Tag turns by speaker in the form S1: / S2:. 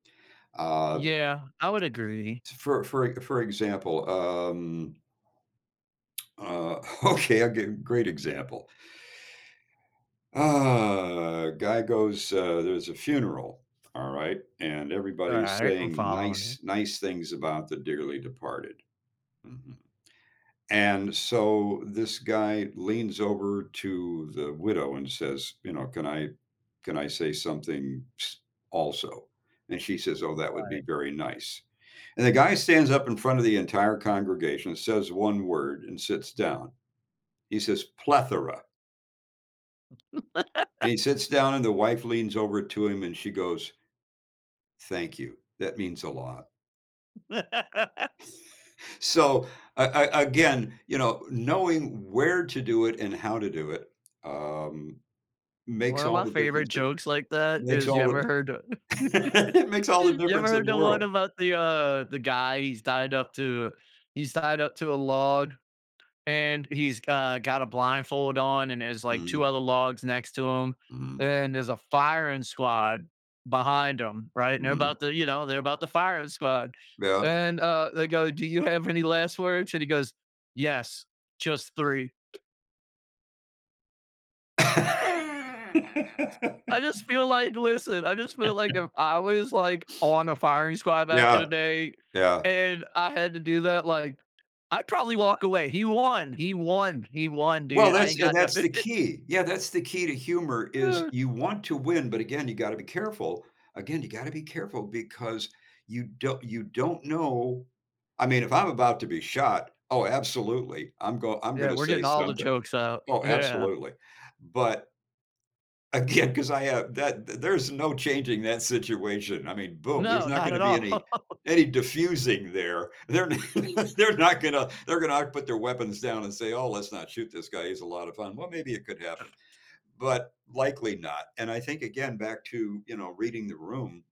S1: Uh
S2: Yeah, I would agree.
S1: t for for e for example, um Uh, okay, I'll give great example. Uh, guy goes, uh there's a funeral, all right, and
S2: All
S1: everybody's
S2: right, I'm
S1: saying
S2: following you.
S1: nice nice things about the dearly departed. Mhm. And so this guy leans over to the widow and says, you know, "Can I can I say something ps also," then she says, "Oh, that would be
S2: Right.
S1: very nice," and the guy stands up in front of the entire congregation, says 1 word, and sits down. He says "Plethora." And he sits down and the wife leans over to him and she goes "Thank you, that means a lot." So, a a again, you know, knowing where to do it and how to do it, um, makes
S2: One of
S1: all
S2: my
S1: the
S2: favorite
S1: difference that
S2: jokes like that
S1: makes
S2: is you
S1: all of
S2: ever
S1: the
S2: heard o
S1: it makes all the
S2: you ever
S1: difference in
S2: heard
S1: the
S2: the one
S1: world.
S2: about the, uh, the guy he's tied up to he's tied up to a log, and he's, got got a blindfold on, and there's, like, 2
S1: Mhm.
S2: other logs next to him,
S1: Mhm
S2: and there's a firing squad behind him, right, and they're
S1: Mhm.
S2: about to, you know, they're about to fire squad,
S1: Yeah.
S2: and, uh, they go, "Do you have any last words?" and he goes, "Yes. Just 3." I just feel like listen, I just feel like if I was, like, on a firing squad back in
S1: Yeah.
S2: the day,
S1: Yeah.
S2: and I had to do that, like, I'd probably walk away, he won he won he won,
S1: Well,
S2: dude. I
S1: that's
S2: ain't
S1: and
S2: got
S1: that's
S2: nothing.
S1: the key, yeah, that's the key to humor is you want to win, but, again, you gotta be careful again, you gotta be careful because you do you don't know I mean, if I'm about to be shot, oh, absolutely, I'm go I'm
S2: Yeah,
S1: gonna
S2: we're
S1: say
S2: getting all the
S1: something.
S2: jokes out,
S1: Oh,
S2: yeah.
S1: absolutely. But again, 'cause I ha that there's no changing that situation, I mean, boom, there's
S2: No,
S1: not
S2: not
S1: gonna
S2: at
S1: be any
S2: all.
S1: any diffusing there, they're they're not gonna they're gonna put their weapons down and say, "Oh, let's not shoot this guy, he's a lot of fun," well, maybe it could happen,
S2: Uh
S1: but likely not, and I think, again, back to, you know, reading the room